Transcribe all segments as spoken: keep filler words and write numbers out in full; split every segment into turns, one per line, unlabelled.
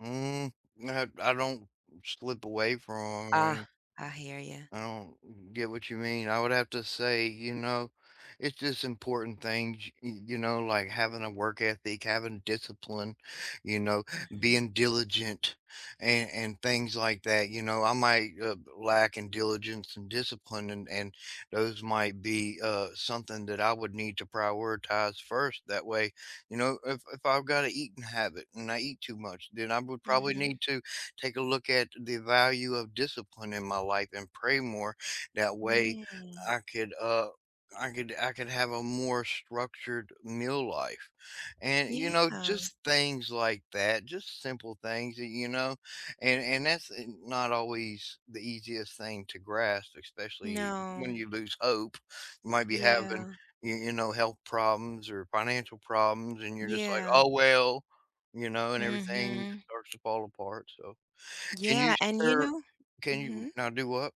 Mm, [unintelligible] I don't slip away
Ah,
from
I hear you.
I don't get what you mean, I would have to say, you know, it's just important things, y y you know, like having a work ethic, having discipline, you know,
Mhm.
being diligent. And and things like that, you know, I might, uh, lack in diligence and discipline and and those might be, uh, something that I would need to prioritize first, that way, you know, if if I've got an eating habit and I eat too much, then I would probably
Mhm.
need to take a look at the value of discipline in my life and pray more, that way,
Mm.
I could, uh, I could I could have a more structured meal life. And, you know,
Yeah.
just things like that, just simple things that you know? And and that's, uh, not always the easiest thing to grasp, especially
No.
when you lose hope, you might be having,
Yeah.
you you know, health problems or financial problems and you're just like,
Yeah.
"Oh well," you know, and everything just
Mhm.
starts to fall apart, so, can you
Yeah, and you
share
know
can you
mhm?
now do what?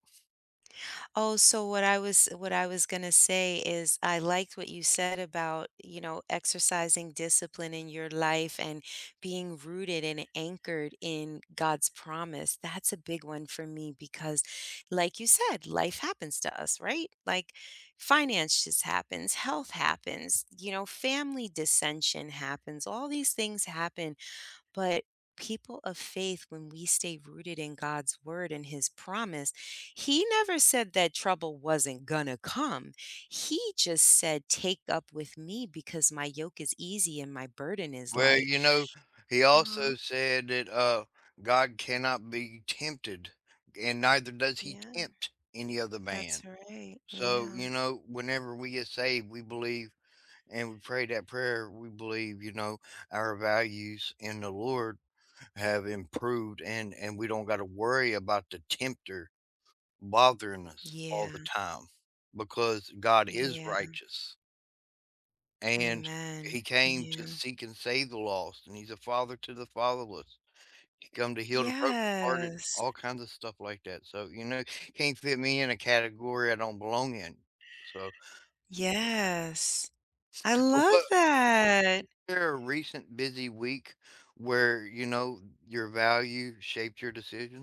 Oh, so what I was what I was gonna say is I liked what you said about, you know, exercising discipline in your life and being rooted and anchored in God's promise, that's a big one for me because like you said, life happens to us, right? Like finances happens, health happens, you know, family dissension happens, all these things happen. But people of faith, when we stay rooted in God's word and His promise, he never said that trouble wasn't gonna come, he just said take up with me because my yoke is easy and my burden is
Well,
light.
you know, he
Uh-huh?
also said that, uh, God cannot be tempted, and neither does he
Yeah.
tempt any other
That's
man.
right,
So,
yeah.
you know, whenever we get saved, we believe and we pray that prayer, we believe, you know, our values in the Lord have improved and and we don't got to worry about the tempter bothering us all
Yeah.
the time because God is
Yeah.
righteous. And he
Amen,
came to
yeah.
seek and save the lost, and he's a father to the fatherless. He come to heal the brokenhearted,
Yes.
all kinds of stuff like that, so, you know, can't fit me in a category I don't belong in, so
Yes. I
But
love
what
that!
There a recent busy week where, you know, your value shaped your decision?